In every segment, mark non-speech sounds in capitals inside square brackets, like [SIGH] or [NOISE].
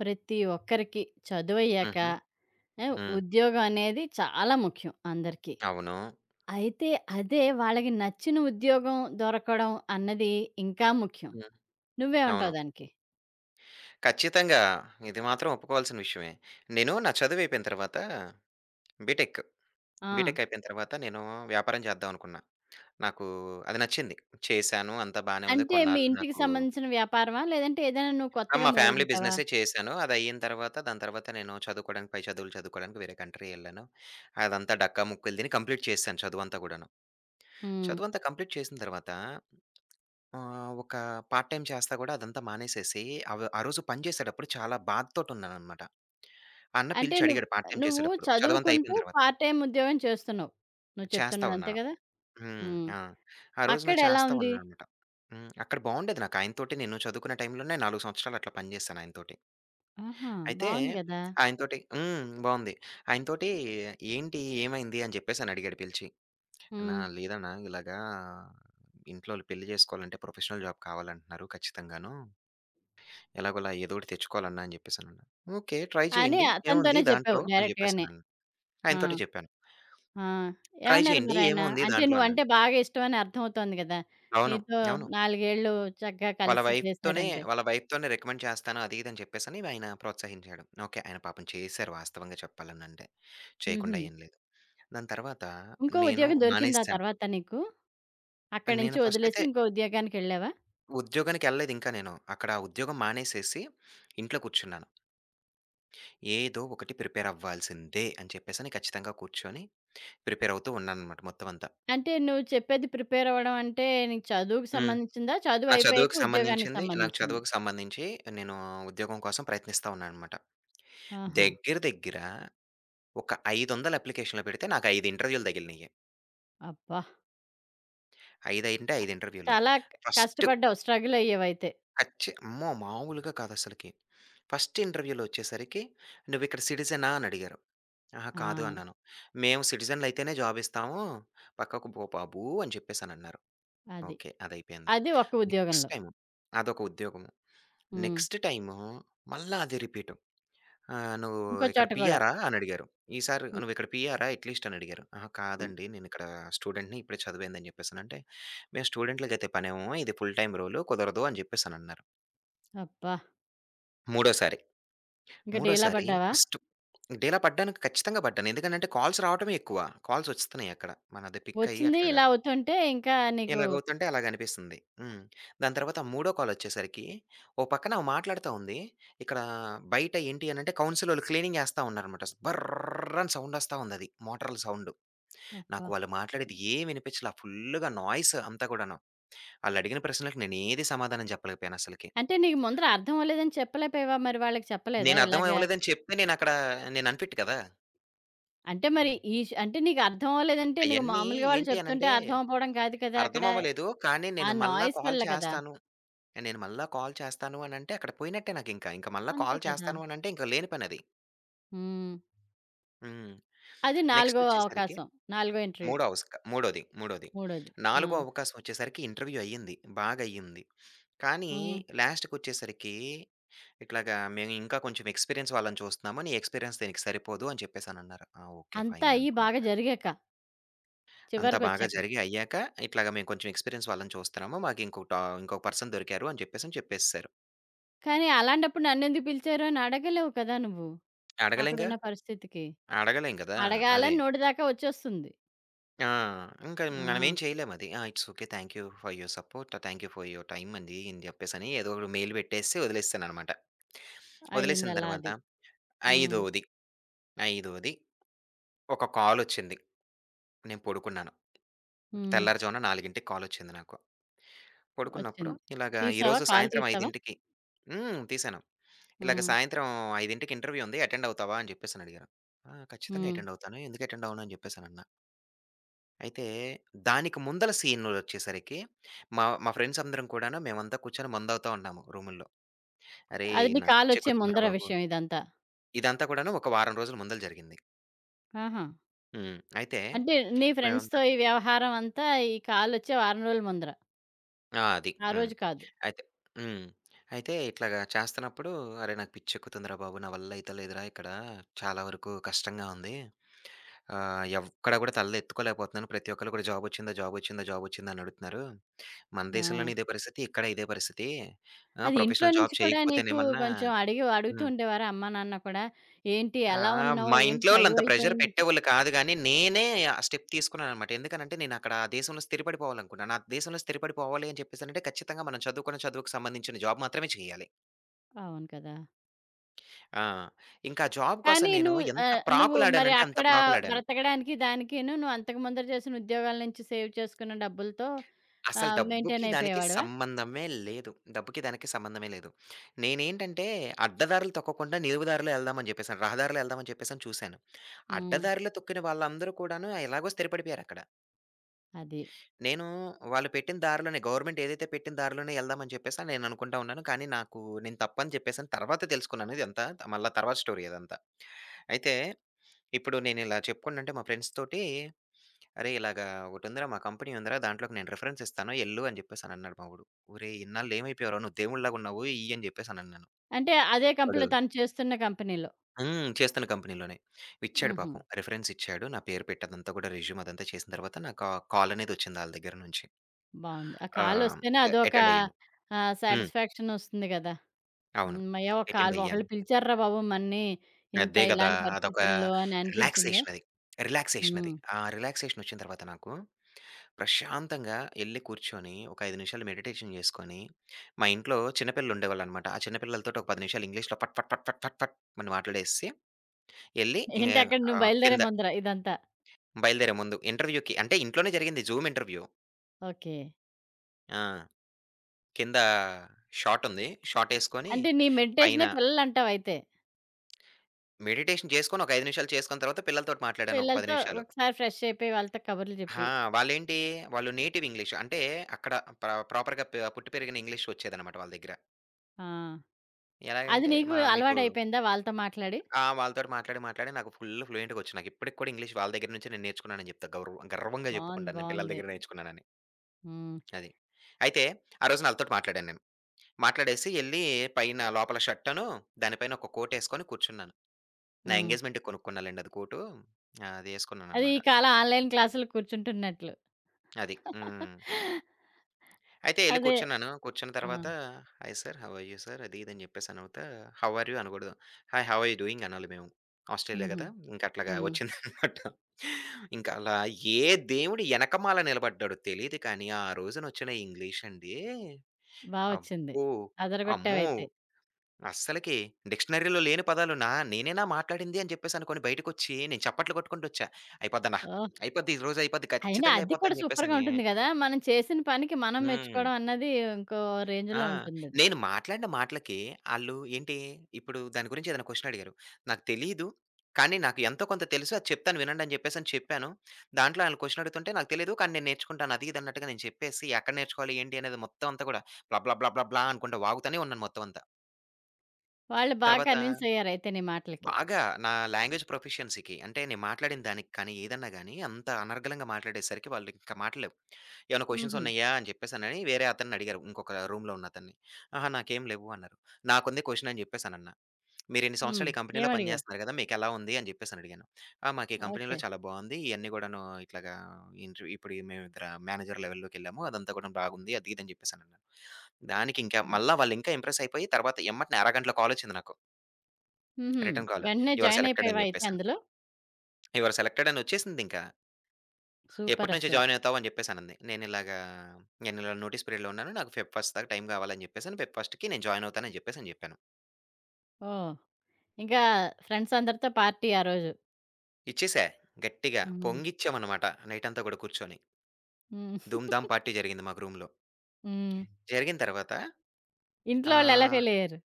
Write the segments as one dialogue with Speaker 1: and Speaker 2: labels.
Speaker 1: ప్రతి ఒక్కరికి చదువయ్యాక
Speaker 2: ఉహూ.
Speaker 1: ఆహ్,
Speaker 2: హ్మ్.
Speaker 1: ఉద్యోగం అనేది చాలా ముఖ్యం అందరికి.
Speaker 2: అవును.
Speaker 1: అయితే అదే వాళ్ళకి నచ్చిన ఉద్యోగం దొరకడం అన్నది ఇంకా ముఖ్యం.
Speaker 2: హ్మ్. అవును.
Speaker 1: నువ్వేమంటావు దానికి?
Speaker 2: ఖచ్చితంగా. ఇది మాత్రం ఒప్పుకోవాల్సిన విషయమే. నేను నా చదువు అయిపోయిన తరువాత, బీ‌టెకు.
Speaker 1: ఆ!
Speaker 2: బీ‌టెకైయిపోయిన తరువాత, నేను వ్యాపారం చేద్దాం అనుకున్నా. నాకు అది నచ్చింది. చేశాను అంతా బానే ఉంది.
Speaker 1: అంటే, మీ
Speaker 2: కొన్నాళ్ళు
Speaker 1: ఇంటికి
Speaker 2: నాకు
Speaker 1: సంబంధించిన వ్యాపారమా? లేదంటే ఏదైనా నువ్వు
Speaker 2: ఆ!
Speaker 1: కొత్తగా
Speaker 2: మా
Speaker 1: మొదలు
Speaker 2: ఫ్యామిలీ
Speaker 1: పెట్టావా?
Speaker 2: బిజినెసే చేశాను. అది అయిన తరువాత, దాని తరువాత నేను చదువుకోడానికి పై చదువులు చదువుకోడానికి వేరే కంట్రీ ఎళ్ళాను. అదంతా డక్కా, ముక్కలు తిని కంప్లీట్ చేశాను చదువంతా కూడాను.
Speaker 1: హ్మ్.
Speaker 2: చదువంతా కంప్లీట్ చేసిన తరువాత, ఆహ్, [SMACKS LIPS] ఒక పార్ట్ టైమ్ చేస్తా కూడా అదంతా మానేసేసి. అవి ఆరోజు పని చేసేటప్పుడు చాలా బాధతోటున్నానన్నమాట. అన్న
Speaker 1: అంటే
Speaker 2: పిలిచి
Speaker 1: నువ్
Speaker 2: అడిగాడు, పార్ట్ టైమ్
Speaker 1: నువ్వు
Speaker 2: చేసేటప్పుడు చదువంతా
Speaker 1: చదువుకుంటూ
Speaker 2: అయిపోయిన తరువాత.
Speaker 1: పార్ట్ టైమ్ ఉద్యోగం చేస్తున్నావు. నువ్వు
Speaker 2: చేస్తా
Speaker 1: చెప్తున్నది అంతే
Speaker 2: ఉన్నాను.
Speaker 1: కదా.
Speaker 2: హ్మ్.
Speaker 1: హ్మ్.
Speaker 2: ఆ! ఆ రోజున
Speaker 1: అక్కడెలా
Speaker 2: చేస్తా
Speaker 1: ఉంది?
Speaker 2: ఉన్నాననమాట. హ్మ్. అక్కడ బాగుండేది. నాకాయన తోటి నేను చదువుకునే టైమ్‌లోనే, 4 సంవత్సరాలు అట్లా పని చేశాను ఆయన తోటి.
Speaker 1: ఆహా!
Speaker 2: అయితే
Speaker 1: బాగుంది కదా!
Speaker 2: ఆయనతోటి హ్మ్ బావుంది. ఆయన తోటి, "ఏంటి, ఏమైంది" అని చెప్పేసి అని అడిగాడు పిలిచి. అన్న,
Speaker 1: హ్మ్.
Speaker 2: లేదన్న ఇలాగ ఇంట్లో పెళ్లి చేసుకోవాలంటే, ప్రొఫెషనల్ జాబ్ కావాలంటున్నారు ఖచ్చితంగాను. ఎలాగోలా ఏదో ఒకటి తెచ్చుకోవాలన్నా అని చెప్పేసాన్నాను. "ఓకే. ట్రై
Speaker 1: అని
Speaker 2: చేయండి,
Speaker 1: అతనితోనే
Speaker 2: ఏముంది
Speaker 1: చెప్పావు
Speaker 2: దాంట్లో" అని
Speaker 1: డైరెక్ట్ గానే.
Speaker 2: చెప్పేసాన్నారు.
Speaker 1: ఆ!
Speaker 2: ఆయన తోటే చెప్పాను.
Speaker 1: ఆ!
Speaker 2: "ట్రై
Speaker 1: ఏమన్నారు
Speaker 2: చేయండి,
Speaker 1: మరాయన?
Speaker 2: ఏముంది
Speaker 1: అంటే,
Speaker 2: దాంట్లో" అన్నాడు.
Speaker 1: నువ్వుంటే బాగా ఇష్టం అనే అర్థం అవుతొంది కదా.
Speaker 2: అవును.
Speaker 1: నీతో
Speaker 2: అవును.
Speaker 1: 4 ఏళ్లు చక్కగా
Speaker 2: వాళ్ళ
Speaker 1: కలిసి
Speaker 2: "వైఫ్ తోనే
Speaker 1: చేసారంటే.
Speaker 2: వాళ్ళ వైఫ్ తోనే రికమెండ్ చేస్తాను" అది, ఇది అని చెప్పేసని ఆయన ప్రోత్సహించాడు. ఓకే, ఆయన పాపం చేసారు వాస్తవంగా చెప్పాలనంటే. చేయకుండా
Speaker 1: ఉహూ.
Speaker 2: ఎం లేదు. దాని తరువాత
Speaker 1: ఇంకో
Speaker 2: నేను
Speaker 1: ఉద్యోగం దొరికిందా
Speaker 2: మానేసాను.
Speaker 1: తర్వాత నీకు? అక్కడి
Speaker 2: నేను
Speaker 1: నుంచి వదిలేసి
Speaker 2: ఫస్టయితే
Speaker 1: ఇంకో ఉద్యోగానికెళ్ళావా?
Speaker 2: ఉద్యోగానికెళ్లేదింకా నేను. అక్కడ ఉద్యోగం మానేసేసి ఇంట్లో కూర్చున్నాను. ఏదో ఒకటి ప్రిపేరవ్వాల్సిందే అని చెప్పేసని ఖచ్చితంగా కూర్చొని, ప్రిపేరవుతూ ఉన్నానన్నమాట మొత్తం అంతా.
Speaker 1: అంటే నువ్వు చెప్పేది ప్రిపేరవ్వడం అంటే, నీకు చదువుకి
Speaker 2: హ్మ్.
Speaker 1: సంబంధించిందా? చదువు
Speaker 2: నా
Speaker 1: అయిపోయాక
Speaker 2: చదువుకి
Speaker 1: ఉద్యోగానికి
Speaker 2: సంబంధించింది నాకు
Speaker 1: సంబంధించింది?
Speaker 2: చదువుకు సంబంధించి నేను ఉద్యోగం కోసం ప్రయత్నిస్తా ఉన్నానన్నమాట.
Speaker 1: ఆహా!
Speaker 2: దగ్గర, దగ్గర ఒక 500ల అప్లికేషన్‌లు పెడితే నాకు 5 ఇంటర్వ్యూ‌లు తగిలినాయి.
Speaker 1: అబ్బా!
Speaker 2: ఐదంటే 5 ఇంటర్‌వ్యూ‌లు
Speaker 1: చాలా క
Speaker 2: ఫస్ట్
Speaker 1: కష్టపడ్డావు స్ట్రగలయ్యావయితే.
Speaker 2: ఖచ్చ్ అమ్మో! మాములుగా కాదసలకి. ఫస్ట్ ఇంటర్‌వ్యూ‌లో ఓచ్చేసరికి "నువ్వు ఇక్కడ సిటిజనా?" అని అడిగారు. "ఆహా! కాదు"
Speaker 1: ఆ!
Speaker 2: అన్నాను. "మేము సిటిజన్లయితేనే జాబిస్తాము, పక్కకు పో బాబూ!" అని చెప్పేసని అన్నారు.
Speaker 1: అది.
Speaker 2: ఓకే. అదయిపోయింది.
Speaker 1: అది ఒక్క
Speaker 2: నెక్స్ట్
Speaker 1: ఉద్యోగంలో.
Speaker 2: టైమ్ అదొక ఉద్యోగం.
Speaker 1: హ్మ్.
Speaker 2: నెక్స్ట్ టైము, మళ్ళా అదె రిపీటు ఆహ్, "నువ్వు
Speaker 1: ఇంకో
Speaker 2: ఇక్కడ
Speaker 1: చోట కూడా?
Speaker 2: పిఆరా?" అని అడిగారు. ఈసారి
Speaker 1: హ్మ్.
Speaker 2: "నువ్వు ఇక్కడ పిఆరా? అట్‌లీస్ట్" అని అడిగారు. "ఆహా! కాదండి నేను ఇక్కడ స్టూడెంట్‌ని ఇప్పుడే చదువయ్యింది" అని చెప్పేసనంటే, "మేము స్టూడెంట్లకైతే పనియ్యము. ఇది ఫుల్ టైమ్ రోలు కుదరదు" అని జెప్పేసి అని అన్నారు.
Speaker 1: అబ్బా!
Speaker 2: మూడోసారి,
Speaker 1: ఇంక డీలా
Speaker 2: మూడోసారి
Speaker 1: పడ్డావా?
Speaker 2: ఫస్ట్ డీలా పడ్డానికి, ఖచ్చితంగా పడ్డాను. ఎందుకనంటే, కాల్స్ రావటమే ఎక్కువ, కాల్స్ ఒస్తున్నాయి అక్కడ మనది పిక్కయ్యి
Speaker 1: ఒచ్చిందీ,
Speaker 2: అట్లాగా.
Speaker 1: ఇలా అవుతుంటే ఇంకా నీకు
Speaker 2: ఇలాగవుతుంటే అలాగనిపిస్తంది. హ్మ్. దాని తరువాత మూడో కాలొచ్చేసరికి ఒక పక్కన ఆమె మాట్లాడుతా ఉంది. ఇక్కడ బయట ఏంటి అని అంటే కౌన్సిలోళ్ళు క్లీనింగ్ జేస్తా ఉన్నారన్నమాట. బర్‌ర్‌ర్‌ అని సౌండొస్తా ఉందది మోటర్ల సౌండు. నాకు
Speaker 1: అబ్బా!
Speaker 2: వాళ్ళు మాట్లాడేది ఏమినిపిచ్చలా, ఫుల్లుగా నాయిస్ అంతా గూడాను. ఆళ్ళడిగిన ప్రశ్నలకి నేనేది సమాధానం చెప్పలేకపోయానసలకి.
Speaker 1: అంటే నీకు ముందర అర్థమవ్వలేదని చెప్పలేకపోయావా? మరి వాళ్ళకి చెప్పలేదా
Speaker 2: నేను అర్థం
Speaker 1: ఇలాగా
Speaker 2: అవ్వలేదని చెప్తే నేనక్కడ నేను అన్‌ఫిట్ కదా!
Speaker 1: అంటే, మరి ఈష్ అంటే నీకు అర్థం అవ్వలేదంటే నీకు
Speaker 2: అయన్నీ
Speaker 1: మాములుగా వాళ్ళు
Speaker 2: ఏంటి
Speaker 1: చెప్తుంటే
Speaker 2: అనంటే,
Speaker 1: అర్థం అవ్వకపోవడం కాదు కదా!
Speaker 2: అర్థం
Speaker 1: అక్కడ,
Speaker 2: అవ్వలేదు కానీ
Speaker 1: ఆ
Speaker 2: నేను మళ్ళా
Speaker 1: నాయిస్
Speaker 2: కాల్
Speaker 1: వల్ల కదా!
Speaker 2: చేస్తాను, నేను మళ్ళా కాల్ చేస్తాను అనంటే అక్కడ పోయినట్టే నాకింక. ఇంకా మళ్ళా
Speaker 1: అంతే
Speaker 2: కాల్
Speaker 1: కదా!
Speaker 2: చేస్తాను అనంటే ఇంకా లేని పనది.
Speaker 1: హ్మ్.
Speaker 2: హ్మ్.
Speaker 1: అది నాలుగో
Speaker 2: నెక్స్టోచ్చేసరికి
Speaker 1: అవకాశం, నాలుగో ఇంటర్వ్యూ.
Speaker 2: మూడో అవస్క మూడోది, మూడోది.
Speaker 1: మూడోది.
Speaker 2: నాలుగో
Speaker 1: ఆ!
Speaker 2: అవకాశం వచ్చేసరికి ఇంటర్వ్యూ అయ్యింది బాగయ్యింది. కానీ
Speaker 1: ఆ!
Speaker 2: లాస్ట్‌కొచ్చేసరికి ఇట్లాగ మేము ఇంకా కొంచెం ఎక్స్‌పీరియన్స్ వాళ్ళని చూస్తున్నాము నీ ఎక్స్‌పీరియన్స్ దీనికి సరిపోదు అని చెప్పేసనన్నారు. ఆ! ఓకే.
Speaker 1: అంతా అయ్యి బాగా
Speaker 2: ఫైననుకుంటున్నా.
Speaker 1: జరిగాక.
Speaker 2: అంతా బాగా
Speaker 1: చివరికొచ్చాక.
Speaker 2: జరిగి అయ్యాక ఇట్లాగ మేము కొంచెం ఎక్స్‌పీరియన్స్ వాళ్ళని చూస్తున్నాము మాకు ఇంకోటా ఇంకొక పర్సన్ దొరికారు అని చెప్పేసని చెప్పేసేశారు.
Speaker 1: కానీ, అలాంటప్పుడు నన్నెందుకు పిలిచారు అని అడగలేవు కదా నువ్వు.
Speaker 2: అడగలేంగా.
Speaker 1: అక్కడున్న పరిస్థితికి.
Speaker 2: అడగలేం గదా! అది.
Speaker 1: అడగాలని నోటి దాకా వచ్చేస్తుంది.
Speaker 2: ఆ! ఇంకా
Speaker 1: ఆ!
Speaker 2: మనమేం చేయలేమది. ఆ! It's okay. Thank you for your support, thank you for your time అది ఇదని చెప్పేసని ఎదో ఒకటి మెయిల్ పెట్టేసేసి వదిలేసేశాననమాట. వదిలేసిన
Speaker 1: అయ్యిందలా
Speaker 2: తరువాత
Speaker 1: అది. హ్మ్.
Speaker 2: ఐదోది, ఐదోది ఒక కాలొచ్చింది. నేను పడుకున్నాను.
Speaker 1: హ్మ్.
Speaker 2: తెల్లారిజామున 4కి కాలొచ్చింది నాకు. పడుకున్నప్పుడు
Speaker 1: వచ్చింది.
Speaker 2: ఇలాగ ఈ
Speaker 1: తీశావా
Speaker 2: రోజు
Speaker 1: కాల్
Speaker 2: సాయంత్రం
Speaker 1: తీస్తావా?
Speaker 2: 5కి హ్మ్. తీశాను. ఇలాగ
Speaker 1: హ్మ్.
Speaker 2: సాయంత్రం 5కి ఇంటర్వ్యూ ఉంది అటెండ్ అవుతావా? అని చెప్పేసని అడిగారు. ఆ! ఖచ్చితంగా
Speaker 1: హ్మ్.
Speaker 2: అటెండ్ అవుతాను ఎందుకు అటెండ్ అవ్వను అని జెప్పేసనన్నా. అయితే, దానికి ముందల సీనులొచ్చేసరికి మా మా ఫ్రెండ్స్ అందరం కూడాను మేమంతా కూర్చొని మందాగుతా ఉన్నాము రూముల్లో.
Speaker 1: అది
Speaker 2: "అరేయ్!
Speaker 1: మీ
Speaker 2: నాకు
Speaker 1: కాలొచ్చే
Speaker 2: పిచ్చెక్కుతుందిరా
Speaker 1: ముందర
Speaker 2: బాబు"
Speaker 1: విషయం ఇదంతా.
Speaker 2: ఇదంతా కూడాను ఒక వారం రోజుల ముందల జరిగింది.
Speaker 1: ఆహా!
Speaker 2: హ్మ్. అయితే
Speaker 1: అంటే నీ
Speaker 2: మేమంత
Speaker 1: ఫ్రెండ్స్‌తో ఈ వ్యవహారం అంతా ఈ కాలొచ్చే వారం రోజుల ముందర.
Speaker 2: ఆ! అది,
Speaker 1: ఆ
Speaker 2: హ్మ్.
Speaker 1: రోజు కాదు.
Speaker 2: అయితే హ్మ్. అయితే ఇట్లాగా చేస్తున్నప్పుడు, "అరె! నాకు పిచ్చెక్కుతుందిరా బాబు, నా వల్ల అయితలేదురా ఇక్కడ, చాలా వరకు కష్టంగా ఉంది. ఆహ్, ఎవ్ ఎక్కడా కూడా తలలెత్తుకోలేకపోతున్నాను ప్రతి ఒక్కలు కూడా "జాబ్ ఒచ్చిందా జాబ్ ఒచ్చిందా? జాబ్ ఒచ్చిందా?" అని అడుగుతున్నారు. మన
Speaker 1: ఆ!
Speaker 2: దేశంలోనే ఇదే పరిస్థితి, ఇక్కడ ఇదే పరిస్థితి. ఆహ్,
Speaker 1: అది ఇంట్లో
Speaker 2: ప్రొఫెషనల్ జాబ్
Speaker 1: నుంచి కూడా నీకు
Speaker 2: చేయకపోతేనేమన్నా"
Speaker 1: కొంచెం అడిగి అడుగుతూ
Speaker 2: హ్మ్.
Speaker 1: ఉండేవారా. అమ్మా నాన్న కూడా, ఏంటి?
Speaker 2: ఆహ్,
Speaker 1: ఎలా
Speaker 2: ఆహ్,
Speaker 1: ఉన్నావు
Speaker 2: మా
Speaker 1: ఏంటి చదువు
Speaker 2: ఇంట్లోలంత ప్రెషర్
Speaker 1: అయిపోయింది
Speaker 2: పెట్టేవాళ్ళు కాదు కాని, నేనే ఆ స్టెప్ తీసుకున్నానన్నమాట. ఎందుకనంటే, నేను అక్కడ ఆ దేశంలో స్థిరపడిపోవాలి అనుకున్నాను. ఆ దేశంలో స్థిరపడిపోవాలి అని చెప్పేసనంటే, ఖచ్చితంగా మనం చదువుకున్న చదువుకి సంబందించిన జాబ్ మాత్రమే చేయాలి.
Speaker 1: అవును కదా!
Speaker 2: ఆ! ఇంక ఆ జాబ్ కోసం
Speaker 1: కానీ
Speaker 2: నేను
Speaker 1: నువ్వు
Speaker 2: ఎంత
Speaker 1: ఆహ్, నువ్వు మరి
Speaker 2: ప్రాకులాడానంటే, అంత
Speaker 1: అక్కడ
Speaker 2: ప్రాకులాడాను.
Speaker 1: బ్రతకడానికి, దానికీను నువ్వు అంతకుముందు చేసిన ఉద్యోగాల నుంచి సేవ్ చేసుకున్న డబ్బులతో,
Speaker 2: అసలు
Speaker 1: ఆహ్, మెయింటైన్
Speaker 2: డబ్బుకి, దానికి
Speaker 1: అయిపోయేవాడివా?
Speaker 2: సంబంధమే లేదు. డబ్బుకి దానికి సంబంధమే లేదు. నేనేంటంటే, అడ్డదారులు తొక్కకుండా నిలువు దారిలో వెళ్దాం అని చెప్పేసని, రహదారిలో వెళ్దాం అని చెప్పేసని చూసాను.
Speaker 1: హ్మ్.
Speaker 2: అడ్డదారిలో తొక్కిన వాళ్ళందరూ కూడాను ఎలాగో స్థిరపడిపోయారు అక్కడ.
Speaker 1: అది.
Speaker 2: నేనూ వాళ్లు పెట్టిన దారిలోనే గవర్నమెంట్ ఏదైతే పెట్టిన దారిలోనే ఎళ్దాం అని చెప్పేసని నేననుకుంటూ ఉన్నాను. కానీ నాకూ నేను తప్పని చెప్పేసని తర్వాత తెలుసుకున్నానిదంతా త మళ్లీ తరువాత స్టోరీ అదంతా. అయితే ఇప్పుడు నేను ఇలా చెప్పుకుంటుంటే మా ఫ్రెండ్స్‌ తోటి, "అరేయ్ ఇలాగ ఒకటుందిరా, మా కంపెనీ ఉందిరా. దాంట్లోకి నేను రిఫరెన్సిస్తాను. ఎళ్లు" అని చెప్పేసన్నాడు. ఒరేయ్! ఇన్నాళ్లు ఏమైపోయావురా! నువ్వు దేవుడిలాగున్నావు. ఇయ్యని చెప్పేసనన్నాను.
Speaker 1: అంటే అదే
Speaker 2: వాడు
Speaker 1: కంపెనీలో తను చేస్తున్న కంపెనీలో.
Speaker 2: హ్మ్. చేస్తున్న కంపెనీలోనే ఇచ్చాడు
Speaker 1: హుహు.
Speaker 2: పాపం రిఫరెన్సిచ్చాడు. నా పేరు పెట్టదంతా కూడా రెజ్యూమ్ అదంతా చేసిన తరువాత నాకా కాలనేదొచ్చిందాళ్ల దగ్గరనుంచి.
Speaker 1: బావుంది. ఆ
Speaker 2: ఆహ్,
Speaker 1: కాలొస్తేనే
Speaker 2: ఎ
Speaker 1: అదొకా
Speaker 2: ఎటెండయ్యాను.
Speaker 1: ఆహ్,
Speaker 2: హ్మ్.
Speaker 1: సాటిస్ఫాక్షనొస్తుంది కదా!
Speaker 2: అవును.
Speaker 1: హమ్మయ్యా! ఒక కా
Speaker 2: ఎటెండయ్యాను.
Speaker 1: ఒకళ్ళు పిలిచారు రా బాబు మనని
Speaker 2: అదే కదా!
Speaker 1: ఇలాంటి
Speaker 2: అదొక
Speaker 1: పరిస్థితుల్లో అననిపిచ్చిందా?
Speaker 2: రిలాక్సేషనది. రిలాక్సేషనది.
Speaker 1: హ్మ్.
Speaker 2: ఆ రిలాక్సేషనొచ్చిన తర్వాత నాకు, ప్రశాంతంగా ఎళ్లి కూర్చొని ఒక 5 నిమిషాలు మెడిటేషన్ చేసుకొని, మా ఇంట్లో చిన్న పిల్లలుండేవాళ్లన్నమాట. ఆ చిన్నపిల్లలతోటి ఒక 10 నిమిషాలు ఇంగ్లీష్‌లో ఫట్, ఫట్, ఫట్, ఫట్, ఫట్, ఫట్ అని మాట్లాడేసేసి ఎళ్లి ఎ
Speaker 1: ఏంటక్కడ నువ్వు
Speaker 2: ఆహ్,
Speaker 1: బయలుదేరే
Speaker 2: కింద
Speaker 1: ముందరా ఇదంతా.
Speaker 2: బయలుదేరే ముందు ఇంటర్వ్యూకి. అంటే ఇంట్లోనే జరిగింది. Zoom interview.
Speaker 1: ఓకే.
Speaker 2: ఆ! కింద షార్టుంది. షార్టేసుకొని
Speaker 1: అంటే, నీ
Speaker 2: పైన
Speaker 1: మెడిటేషనే పిల్లలంటావయితే.
Speaker 2: మెడిటేషన్ చేసుకొని, ఒక 5 నిమిషాలు చేసుకున్న తరువాత, పిల్లలతోటి మాట్లాడాను ఒక 10
Speaker 1: పిల్లలతో
Speaker 2: నిమిషాలు.
Speaker 1: ఒకసారి ఫ్రెషయిపోయి వాళ్లతో కబుర్లు చెప్పి.
Speaker 2: ఆ! వాళ్ళేంటి? వాళ్ళు నేటివ్ ఇంగ్లీష్ అంటే, అక్కడ ప్ర ప్రాపర్‌గా పె పుట్టి పెరిగిన ఇంగ్లీషొచ్చేదన్నమాట వాళ్ళ దెగ్గర.
Speaker 1: ఆ! అది
Speaker 2: ఎలాగంటే
Speaker 1: నీకు
Speaker 2: మా మీకు
Speaker 1: అలవాటైయిపోయిందా వాళ్ళతో మాట్లాడి?
Speaker 2: ఆ! వాళ్ళతోటి మాట్లాడి, మాట్లాడి నాకు ఫుల్లు ఫ్లూయెంట్‌గొచ్చు. నాకు ఇప్పటికీ కూడా, ఇంగ్లీష్ వాళ్ళ దెగ్గర నుంచే నేను నేర్చుకున్నానని చెప్తా గౌరవు గర్వంగా
Speaker 1: బావుంది,
Speaker 2: చెప్పుకుంటాను నేను పిల్లల
Speaker 1: బావుంది.
Speaker 2: దగ్గర నేర్చుకున్నానని.
Speaker 1: హ్మ్.
Speaker 2: అది. అయితే, ఆరోజున ఆళ్ళతోటి మాట్లాడాను నేను. మాట్లాడేసి ఎళ్లి, పైన లోపల షర్టును, దాని పైన ఒక కోటేసుకొని కూర్చున్నాను. నా
Speaker 1: హ్మ్.
Speaker 2: ఎంగేజ్‌మెంట్‌కి కొనుకున్న లెండి అది కోటు. ఆ!
Speaker 1: అది ఈ
Speaker 2: అదేసుకున్నానన్నమాట.
Speaker 1: కాలం ఆన్‌లైన్ క్లాసులుకు కూర్చుంటున్నట్లు.
Speaker 2: అది. హ్మ్.
Speaker 1: [CHUCKLES]
Speaker 2: అయితే, ఎళ్లి
Speaker 1: అదే.
Speaker 2: కూర్చున్నాను. కూర్చున్న
Speaker 1: ఆ!
Speaker 2: తరువాత, hi sir, how are you sir అది, ఇది అని చెప్పేసనువుతా హౌ ఆర్ యు అనకూడదు. Hi, how are you doing అనాలి మేము, ఆస్ట్రేలియా
Speaker 1: హుహు.
Speaker 2: కదా. ఇంక అట్లాగా
Speaker 1: హ్మ్.
Speaker 2: వచ్చిందన్నమాట. ఇంక అలా ఏ దేవుడు ఎనకమాల నిలబడ్డాడో తెలీదు కానీ, ఆ రోజునొచ్చిన ఇంగ్లీష్ అండి,
Speaker 1: బాఒచ్చింది,
Speaker 2: అబ్బో! అమ్మో!
Speaker 1: అదరగొట్టావయితే.
Speaker 2: అస్సలకి డిక్షనరీలో లేని పదాలు. నా నేనేనా మాట్లాడింది అని చెప్పేసి అనుకొని బయటికొచ్చి, నేను చప్పట్లు కొట్టుకుంటొచ్చా. అయిపోద్దన్న,
Speaker 1: ఓహ్!
Speaker 2: అయిపోద్ది ఈరోజు, అయిపోద్ది
Speaker 1: అయినా
Speaker 2: ఖచ్చితంగా
Speaker 1: అది కూడా,
Speaker 2: అయిపోద్దని
Speaker 1: సూపర్‌గా
Speaker 2: చెప్పేసని
Speaker 1: ఉంటుంది కదా! మనం చేసిన పనికి మనం
Speaker 2: హ్మ్.
Speaker 1: మెచ్చుకోవడం అన్నది, ఇంకో
Speaker 2: ఆ!
Speaker 1: రేంజ్‌లో ఉంటుందది.
Speaker 2: నేను మాట్లాడిన మాటలకి, ఆళ్లు ఏంటి ఇప్పుడు దాని గురించి ఏదైనా క్వశ్చన్ అడిగారు. నాకు తెలీదు, కానీ నాకు ఎంతో కొంత తెలుసు, అది చెప్తాను వినండి అని చెప్పేసి చెప్పాను. దాంట్లో ఆల్లు క్వశ్చన్ అడుగుతుంటే, నాకు తెలీదు. కానీ నేను నేర్చుకుంటాను, అది, ఇది అన్నట్టుగా నేను చెప్పేసి, ఎక్కడ నేర్చుకోలి, ఏంటి అనేది మొత్తం అంతా కూడా, బ్లా, బ్లా, బ్లా అనుకుంటా వాగుతూనే ఉన్నాను మొత్తం అంతా.
Speaker 1: వాళ్ళు బాగా
Speaker 2: తర్వాత
Speaker 1: కన్విన్సయ్యారైతే నీ మాటలకి.
Speaker 2: బాగా నా లాంగ్వేజ్ ప్రొఫిషియన్సీకి. అంటే నేను మాట్లాడిన దానికి కానీ, ఏదన్నా గాని అంత అనర్గళంగా మాట్లాడేసరికి వాళ్ళు ఇంక మాటలు లేవు. "ఏమన్నా
Speaker 1: హుహు.
Speaker 2: క్వెషన్సున్నాయా" అని చెప్పేసెనని వేరే అతన్ని అడిగారు. ఇంకొక రూమ్‌లో ఉన్న అతన్ని. "అహా! నాకేం లేవు" అన్నారు. నాకుంది క్వెషన్ అని చెప్పేసనన్నా. మీరిన్ని
Speaker 1: హ్మ్,
Speaker 2: సంవత్సరాలు ఈ
Speaker 1: ఏం
Speaker 2: కంపెనీలో పని
Speaker 1: అడిగావు?
Speaker 2: చేస్తున్నారు కద, మీకెలా ఉంది అని చెప్పేసని అడిగాను. "ఆ! మాకు ఈ కంపెనీలో
Speaker 1: ఓకె.
Speaker 2: చాలా బావుంది. ఇవన్నీ కూడాను ఇట్లాగా ఇంట్రవ్యూ ఇప్పుడు మేము ఇతర మేనేజర్ లెవెలోకెళ్ళాము, అదంతా కూడా బాగుంది" అది, ఇది అని చెప్పేసన్నారు. దానికి ఇంకా
Speaker 1: హ్మ్.
Speaker 2: మళ్ళా వాళ్ళు ఇంకా ఇంప్రెసైపోయి, తరువాత ఎమ్మటనే అరగంటలో కాలొచ్చింది నాకు.
Speaker 1: హుహు.
Speaker 2: రిటర్న్ కాల్,
Speaker 1: వెంటనే
Speaker 2: యూ అర్
Speaker 1: జాయినయిపోయావా
Speaker 2: సెలెక్టెడని
Speaker 1: అయితే
Speaker 2: చెప్పేసని.
Speaker 1: అందులో.
Speaker 2: యూ అర్ సెలెక్టెడనొచ్చేసిందింకా. ఎప్పటినుంచి
Speaker 1: సూపరసల.
Speaker 2: జాయినవుతావు అని చెప్పేసనంది. నేనిలాగా, నేనిలా నోటీస్ పీరియడ్‌లో ఉన్నాను, నాకు ఫెబ్ ఫస్ట్ దాకా టైం కావాలని చెప్పేసని ఫెబ్ ఫస్ట్‌కి నేను జాయినవుతానని జెప్పేసని జెప్పాను.
Speaker 1: ఓహ్! ఇంకా ఫ్రెండ్సందరితో పార్టీ ఆ రోజు.
Speaker 2: ఇచ్చేసా, గట్టిగా
Speaker 1: హ్మ్.
Speaker 2: పొంగిచ్చామన్నమాట నైటంతా కూడా కూర్చొని.
Speaker 1: హ్మ్.
Speaker 2: ధూంధాం
Speaker 1: [GIGGLES]
Speaker 2: పార్టీ జరిగింది మాకు రూమ్‌లో.
Speaker 1: హ్మ్.
Speaker 2: జరిగిన తర్వాత,
Speaker 1: ఇంట్లో వాళ్ళెలా
Speaker 2: ఆహ్
Speaker 1: ఫీలయ్యారు?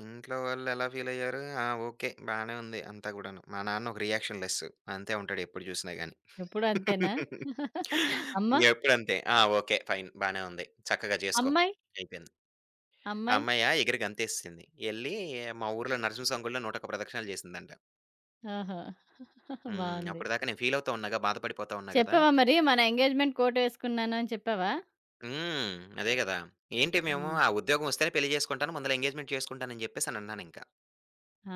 Speaker 2: ఇంట్లో వాళ్ళెలా ఫీలైయ్యారు, ఆ! ఓకె బానే ఉంది అంతా కూడాను. మా నాన్న ఒక రియాక్షన్‌లెసు అంతే ఉంటాడు ఎప్పుడు చూసినా గాని.
Speaker 1: ఎప్పుడూ అంతేనా?
Speaker 2: [LAUGHS]
Speaker 1: [CHUCKLES] అమ్మ?
Speaker 2: ఎప్పుడంతే, "ఆ ఓకె, ఫైన్ బానే ఉంది చక్కగా చేసుకో"
Speaker 1: అమ్మాయి?
Speaker 2: అయిపోయింది.
Speaker 1: అమ్మాయి?
Speaker 2: అమ్మాయా? ఎగిరి గంతేసేసింది. ఎళ్ళి మా ఊర్లో నరసింహ సామి గుడిలో 101 ప్రదక్షణాలు చేసిందంట.
Speaker 1: ఓహో! [CHUCKLES]
Speaker 2: హ్మ్.
Speaker 1: బావుంది.
Speaker 2: అప్పటిదాకా నేను ఫీలవుతూ ఉన్నాగా. బాధపడిపోతూ ఉన్నా కదా!
Speaker 1: చెప్పావా మరి? మన ఎంగేజ్మెంట్ కోట్ వేసుకున్నాను అని చెప్పావా?
Speaker 2: హ్మ్. అదే కదా! ఏంటి, మేము
Speaker 1: హ్మ్.
Speaker 2: ఆ ఉద్యోగం వస్తేనే పెళ్లి చేసుకుంటాను. ముందుల ఎంగేజ్మెంట్ చేసుకుంటానని చెప్పేసనన్నానింకా.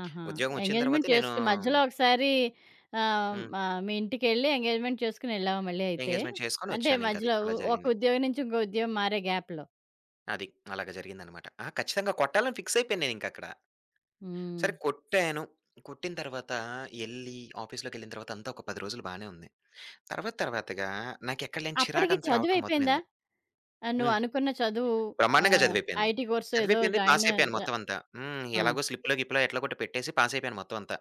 Speaker 1: ఆహా!
Speaker 2: ఉద్యోగం వచ్చిన
Speaker 1: ఎంగేజ్మెంట్
Speaker 2: తరువాతే నేను
Speaker 1: చేసుకొని మధ్యలో ఒక్కసారి ఆహ్, హ్మ్.
Speaker 2: హ్మ్.
Speaker 1: ఆహ్, మీ ఇంటికెళ్లి ఎంగేజ్మెంట్ చేసుకొనేళ్లావా? మళ్లీ అయితే?
Speaker 2: ఎంగేజ్మెంట్
Speaker 1: అంటే
Speaker 2: చేసుకొనొచ్చానింకది,
Speaker 1: మధ్యలో
Speaker 2: అలా
Speaker 1: ఒక
Speaker 2: జరిగింది.
Speaker 1: ఉద్యోగం నుంచి ఇంకో ఉద్యోగం మారే గ్యాప్‌లో.
Speaker 2: అది. అలాగ జరిగిందనమాట. ఆ! ఖచ్చితంగా కొట్టాలని ఫిక్సయిపేయాను నేనింకక్కడ. సరే,
Speaker 1: హ్మ్.
Speaker 2: కొట్టాను. కొట్టిన తర్వాత ఎళ్లి ఆఫీస్‌లోకెళ్లిన తర్వాతంతా ఒక 10 రోజులు బానే ఉంది. తర్వాత, తర్వాతగా నాకెక్కడ లేని
Speaker 1: అప్పటికి
Speaker 2: చిరాకంతా రావటం
Speaker 1: చదువయిపోయిందా?
Speaker 2: మొదలైంది.
Speaker 1: ఆహ్,
Speaker 2: హ్మ్.
Speaker 1: నువ్వునుకున్న చదువు
Speaker 2: బ్రహ్మాండంగా
Speaker 1: ఆహ్,
Speaker 2: చదువయిపేయింది.
Speaker 1: ఐటీ కోర్సో ఏదో
Speaker 2: చదువయిపేయింది.
Speaker 1: జాయినయ్
Speaker 2: పాసైపోయాను
Speaker 1: జ
Speaker 2: మొత్తం అంతా. హ్మ్.
Speaker 1: ఆ!
Speaker 2: ఎలాగో స్లిప్‌లో గిప్‌లో ఎట్లా కొట్టి పెట్టేసి పాసైపోయాను మొత్తం అంతా.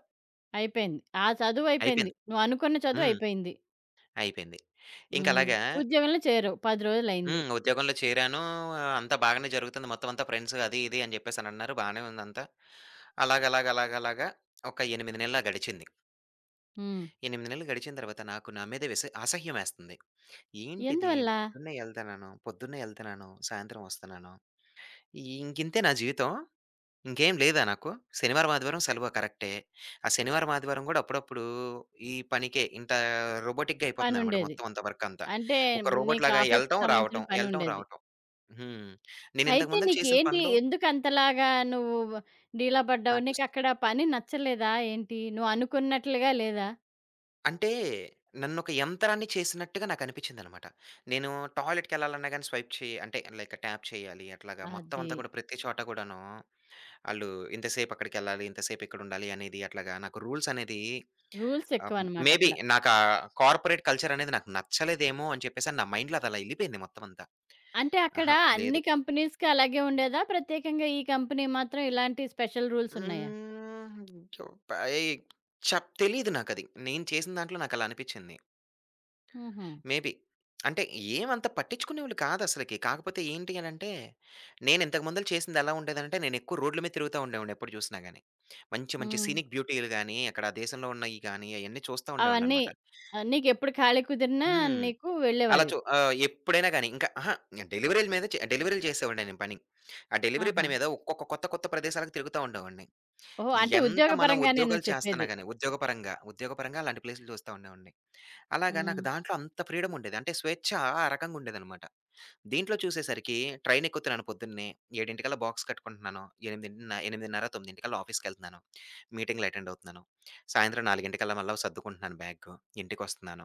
Speaker 1: అయిపేయింది. ఆ చదువయిపేయింది.
Speaker 2: అయిపోయింది.
Speaker 1: నువ్వనుకున్న
Speaker 2: హ్మ్.
Speaker 1: చదువయిపేయింది.
Speaker 2: అయిపోయింది.
Speaker 1: హ్మ్.
Speaker 2: ఇంకలాగా
Speaker 1: ఉద్యోగంలో చేరావు. 10 రోజులయింది.
Speaker 2: హ్మ్. ఉద్యోగంలో చేరాను. అంతా బాగానే జరుగుతుంది మొత్తం అంతా ఫ్రెండ్స్ అది ఇది అని చెప్పేసనన్నారు బానే ఉందంతా అలాగలాగలాగలాగా ఒక 8 నెలలు గడిచింది.
Speaker 1: హ్మ్.
Speaker 2: 8 నెలలు గడిచిన తరువాత నాకు నా మీద విస అసహ్యమేస్తంది. ఏంటిది?
Speaker 1: ఎందువల్ల?
Speaker 2: పొద్దున్నే ఎళ్తన్నాను, పొద్దున్నే ఎళ్తన్నాను, సాయంత్రం వస్తన్నాను. ఇంకింతేనా జీవితం? ఇంకేం లేదా నాకు? శనివారం, ఆదివారం సెలవు. కరెక్టే. ఆ శనివారం, ఆదివారం కూడా అప్పుడప్పుడు ఈ పనికే, ఇంత రోబోటిక్‌గా అయిపోతుందన్నమాట.
Speaker 1: పనుండేది.
Speaker 2: మొత్తం అంతా వర్కంతా
Speaker 1: అంటే
Speaker 2: ఒక రోబోట్
Speaker 1: నీకు
Speaker 2: లాగా
Speaker 1: ఆఫీస్‌కి
Speaker 2: ఎళ్లటం,
Speaker 1: సంబంధించిన
Speaker 2: రావటం,
Speaker 1: పని
Speaker 2: వెళ్లటం,
Speaker 1: ఉండేది.
Speaker 2: రావటం. హ్మ్.
Speaker 1: అయితే
Speaker 2: నేనింతకుముందు చేసిన
Speaker 1: నీకేంటి
Speaker 2: పనులు
Speaker 1: ఎందుకంతలాగా నువ్వు డీలా పడ్డావు?
Speaker 2: నాకు స్
Speaker 1: నీకక్కడ పని నచ్చలేదా ఏంటి? నువ్వనుకున్నట్లుగా లేదా?
Speaker 2: అంటే నన్నొక యంత్రాన్ని చేసినట్టుగా నాకు అనిపించింది అన్నమాట. నేను టాయిలెట్‌కెళ్లాలన్నా గానీ స్వైప్ చేయాలి. అంటే లైక్ ట్యాప్ చేయాలి, అట్లాగా మొత్తం అంతా
Speaker 1: అది.
Speaker 2: కూడా ప్రతి చోట కూడాను, ఆళ్లు ఇంతసేపక్కడికెళ్లాలి, ఇంతసేపిక్కడుండాలి అనేది అట్లాగా నాకు రూల్సనేది ఆహ్, మేబీ
Speaker 1: రూల్సెక్కువనమాటక్కడ.
Speaker 2: నాకా కార్పొరేట్ కల్చరనేది నాకు నచ్చలేదేమో అని చెప్పేసని నా మైండ్‌లో అదలా ఎళ్లిపోయింది మొత్తం అంతా.
Speaker 1: అంటే అక్కడ
Speaker 2: ఆహా!
Speaker 1: అన్ని
Speaker 2: లేదు.
Speaker 1: కంపెనీస్‌కి అలాగే ఉండేదా? ప్రత్యేకంగా ఈ కంపెనీ మాత్రం ఇలాంటి స్పెషల్ రూల్సున్నాయా?
Speaker 2: హ్మ్. చప్ ఏయ్ చెప్ తెలీదు నాకది. నేను చేసిన దాంట్లో నాకలా అనిపించింది.
Speaker 1: హుహు.
Speaker 2: మేబీ అంటే ఏమంత పట్టించుకునేవాళ్లు కాదసలుకి. కాకపోతే ఏంటి అనంటే నేను ఇంతకు ముందు చేసిందెలా ఉండేదంటే నేను ఎక్కువ రోడ్ల మీద తిరుగుతూ ఉండేవాడిని. ఎప్పుడు చూసినా గానీ. మంచి, మంచి
Speaker 1: హ్మ్.
Speaker 2: సీనిక్ బ్యూటీలు గానీ అక్కడా దేశంలో ఉన్నాయి గానీ, అయన్నీ చూస్తా
Speaker 1: అవన్నీ,
Speaker 2: ఉండేవాడిననమాట.
Speaker 1: ఆహ్, నీకెప్పుడు ఖాళీగా కుదిరినా
Speaker 2: హ్మ్.
Speaker 1: నీకు
Speaker 2: అలా
Speaker 1: వెళ్ళేవాడివి.
Speaker 2: చూ ఆహ్, ఎప్పుడైనా గానీ ఇంకా ఆహా! డెలివరీల మీద చే డెలివరీలు చేసేవాడిని నేను పని. ఆ డెలివరీ
Speaker 1: ఆహా!
Speaker 2: పని మీద ఒక్కొక్క కొత్త కొత్త ప్రదేశాలకి తిరుగుతూ ఉండేవాడిని.
Speaker 1: ఓహో! అంటే
Speaker 2: ఎంత
Speaker 1: ఉద్యోగ
Speaker 2: మనం
Speaker 1: పరంగానే నువ్వు
Speaker 2: ఉద్యోగాలు
Speaker 1: చెప్పేది.
Speaker 2: చేస్తన్నా గానీ ఉద్యోగపరంగా, ఉద్యోగపరంగా అలాంటి ప్లేసులు చూస్తా ఉండేవాడిని. అలాగా నాకు
Speaker 1: హ్మ్.
Speaker 2: దాంట్లో అంత ఫ్రీడముండేది. అంటే స్వేచ్చా ఆ రకంగా ఉండేదనమాట. దీంట్లో చూసేసరికి ట్రైనెక్కుతున్నాను పొద్దున్నే, 7 కల్లా బాక్స్ కట్టుకుంటున్నాను. ఎనిమిదిన్ నా 8:30, 9 కల్లా ఆఫీస్‌కెళ్తన్నాను. మీటింగులెటెండవుతున్నాను. సాయంత్రం 4 కల్లా మళ్లీ సర్దుకుంటున్నాను. బ్యాగ్ తీసుకుని ఇంటికి వస్తున్నాను.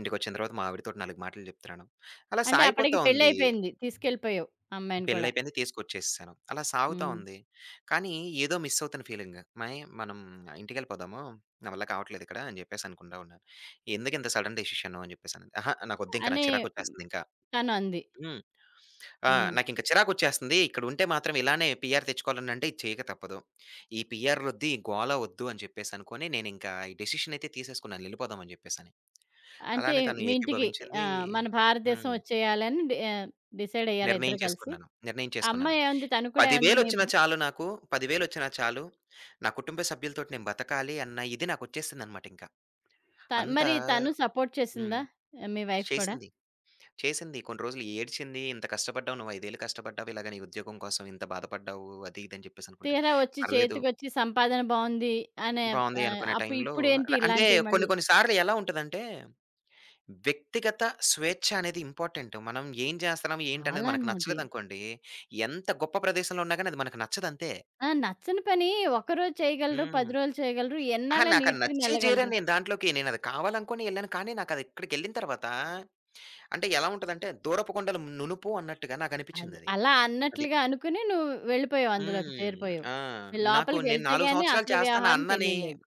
Speaker 2: ఇంటికొచ్చిన తరువాత మా ఆవిడతోటి 4 మాటలు చెప్తున్నాను. అలా
Speaker 1: అంటే
Speaker 2: సాగిపోతా
Speaker 1: అప్పటికి
Speaker 2: ఉంది.
Speaker 1: పెళ్ళయిపేయింది. తీసుకెళ్ళిపోయావు అమ్మాయిని కూడా.
Speaker 2: పెళ్లయిపోయింది. తీసుకొచ్చేసాను. అలా సాగుతా
Speaker 1: హ్మ్.
Speaker 2: ఉంది. కానీ ఏదో మిస్సవుతున్న ఫీలింగ్ మనం ఇంటికి వెళ్లిపోదాము. నావల్ల కావట్లేదిక్కడ అని చెప్పేసి అనుకుంటూ ఉన్నాను. "ఎందుకు ఇంత సడన్ డెసిషన్" అని చెప్పేసి. ఆహా! నాకు వద్దు ఇంకా.
Speaker 1: అని
Speaker 2: నాకు చిరాకు వచ్చేస్తుంది ఇంకా.
Speaker 1: తను అంది.
Speaker 2: హ్మ్. ఆ!
Speaker 1: హ్మ్.
Speaker 2: నాకింక చిరాకొచ్చేస్తుంది. ఇక్కడ ఉంటే మాత్రం ఇలానే పీఆర్ తెచ్చుకోవాలి అంటే ఇది చేయక తప్పదు. ఈ పీఆరులొద్దు. ఈ గోలా వద్దు అని చెప్పేసనుకొని నేనింక ఈ డిసిషన్ అయితే తీసేసుకున్నాను. ఎళ్లిపోదాం అని చెప్పేసని.
Speaker 1: అంటే
Speaker 2: అలానే తను
Speaker 1: మీ ఇంటికి,
Speaker 2: ఏకీభవించిందీ
Speaker 1: ఆహ్, మన భారతదేశం
Speaker 2: హ్మ్.
Speaker 1: వచ్చేయాలని డి ఆహ్, డిసైడ్ అయ్యారా? ఇద్దరూ
Speaker 2: నిర్ణయం
Speaker 1: కలిసి.
Speaker 2: చేసుకున్నాను. నిర్ణయం చేసుకున్నాను.
Speaker 1: అమ్మాయి ఏవంది? తను కూడా ఏవంది? మీ
Speaker 2: పదివేలొచ్చినా చాలు నాకు. పదివేలొచ్చినా చాలు. నా కుటుంబ సభ్యులతోటి నేను బతకాలి అన్న ఇది నాకొచ్చేసిందననమాటింకా.
Speaker 1: త
Speaker 2: అంతా
Speaker 1: మరి తను సపోర్ట్ చేసిందా?
Speaker 2: హ్మ్.
Speaker 1: ఆహ్, మీ వైఫ్ కూడా?
Speaker 2: చేసింది. చేసింది. కొన్ని రోజులు ఏడ్చింది. "ఇంత కష్టపడ్డావు నువ్వు 5ఏళ్లు కష్టపడ్డావు ఇలాగ నీ ఉద్యోగం కోసం, ఇంత బాధపడ్డావు. అది ఇది అని చెప్పేసనుకుంటా"
Speaker 1: తీరా వచ్చి
Speaker 2: పర్లేదు.
Speaker 1: చేతికొచ్చి సంపాదన బావుంది అనే
Speaker 2: బావుంది
Speaker 1: ఆహ్,
Speaker 2: అనుకునే
Speaker 1: అప్పు
Speaker 2: టైంలో
Speaker 1: ఇప్పుడేంటి
Speaker 2: అంటే
Speaker 1: ఇలాంటియి
Speaker 2: కొన్ని
Speaker 1: మళ్ళీ.
Speaker 2: కొన్ని సార్లెలా ఉంటదంటే, వ్యక్తిగత స్వేచ్ఛ అనేది ఇంపార్టెంట్ మనం ఏం చేస్తున్నాం, ఏంటి అనేది మనకు
Speaker 1: చాలాను అది.
Speaker 2: నచ్చలేదనుకోండి, ఎంత గొప్ప ప్రదేశంలో ఉన్నా గానీ అది మనకు నచ్చదంతే.
Speaker 1: ఆహ్, నచ్చని పని ఒక్క రోజు చేయగలరు.
Speaker 2: హ్మ్.
Speaker 1: 10 రోజులు చేయగలరు.
Speaker 2: ఆహా!
Speaker 1: ఎన్నాళ్ళని
Speaker 2: నాకు అది నచ్చే జేర
Speaker 1: ఈదుకోనెళ్ళగలరు!
Speaker 2: నేను దాంట్లోకి నేను అది కావాలనుకోనే ఎళ్ళాను. కానీ నాకదక్కడికెళ్ళిన తరువాత, అంటే ఎలా ఉంటది అంటే దూరపు కొండలు నునుపు అన్నట్టుగా
Speaker 1: అది.
Speaker 2: నాకనిపించిందది.
Speaker 1: అలా
Speaker 2: అది.
Speaker 1: అన్నట్లుగా అనుకోని నువ్వు వెళ్ళిపోయావు అందులోకి
Speaker 2: హ్మ్.
Speaker 1: చేరిపోయావు.
Speaker 2: ఆ! నాకు
Speaker 1: లోపలికి
Speaker 2: నేను
Speaker 1: వెళ్తే
Speaker 2: 4
Speaker 1: గాని
Speaker 2: సంవత్సరాలు
Speaker 1: అసలు
Speaker 2: చేస్తాను
Speaker 1: వ్యవహారం
Speaker 2: అన్ననీ
Speaker 1: తెలీలేదు.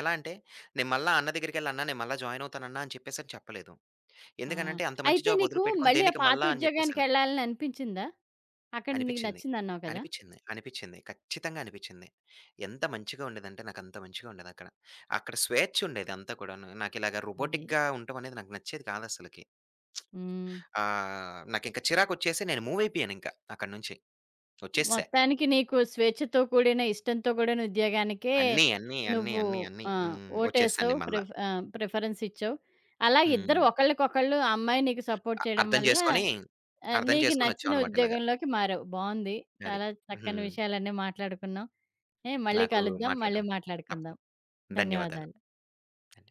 Speaker 2: ఎలా అంటే నేను మళ్లీ అన్న దగ్గరకెళ్లి అన్నా, నేను మళ్ళా జాయినవుతానన్నా అని చెప్పేసి చెప్పలేదు.
Speaker 1: ఆ!
Speaker 2: ఎందుకనంటే అంత మంచి
Speaker 1: అయితే నీకు
Speaker 2: జాబొదిలిపెట్టుకొని
Speaker 1: మళ్ళీ ఆ
Speaker 2: దేనికి
Speaker 1: పాత
Speaker 2: మళ్ళా అని చెప్పేసని
Speaker 1: ఉద్యోగానికెళ్ళాలని అనిపించిందా? అక్కడ నీకు
Speaker 2: అనిపిచ్చింది.
Speaker 1: నచ్చిందన్నావు కదా!
Speaker 2: అనిపిచ్చింది. అనిపిచ్చింది. ఖచ్చితంగా అనిపిచ్చింది. ఎంత మంచిగా ఉండేదంటే నాకంత మంచిగా ఉండేదక్కడ. అక్కడ స్వేచ్చుండేదంతా కూడాను, నాకిలాగ
Speaker 1: అది.
Speaker 2: రోబోటిక్‌గా ఉండటం అనేది నాకు నచ్చేది కాదసలకి.
Speaker 1: హ్మ్.
Speaker 2: [SMACKS LIPS] ఆహ్, నాకింక చిరాకొచ్చేసి నేను మూవయిపోయాను ఇంక అక్కడ నుంచి. వచ్చేసేసా.
Speaker 1: మొత్తానికి నీకు స్వేచ్ఛతో కూడిన, ఇష్టంతో కూడిన ఉద్యోగానికే
Speaker 2: అన్ని అన్ని అన్ని
Speaker 1: నువ్వు
Speaker 2: అన్ని అన్ని
Speaker 1: ఆహ్,
Speaker 2: హ్మ్, వచ్చేసాను
Speaker 1: ఓటేశావు,
Speaker 2: నేను మళ్ళా.
Speaker 1: ప్రిఫ్ ఆహ్, ప్రిఫరెన్సిచ్చావు. అలా ఇద్దరూ
Speaker 2: హ్మ్.
Speaker 1: ఒకళ్ళకొకళ్ళు, ఆ అమ్మాయి నీకు సపోర్ట్
Speaker 2: అ
Speaker 1: చేయడం
Speaker 2: అర్థం
Speaker 1: వల్ల
Speaker 2: చేసుకొని, అర్థం
Speaker 1: నీకు
Speaker 2: చేసుకొని వచ్చాం
Speaker 1: నచ్చిన
Speaker 2: అనమాటిలాగ.
Speaker 1: ఉద్యోగంలోకి మారావు. బాగుంది.
Speaker 2: అది,
Speaker 1: చాలా చక్కని
Speaker 2: హ్మ్.
Speaker 1: విషయాలన్నీ మాట్లాడుకున్నాం. ఏ మళ్లీ
Speaker 2: నాకు
Speaker 1: కలుద్దాం.
Speaker 2: మాట్లాడటం
Speaker 1: మళ్లీ మాట్లాడుకుందాం.
Speaker 2: తప్పకుండా. ధన్యవాదాలు.
Speaker 1: ధన్యవాదాలు.
Speaker 2: ధన్యవాదాలు.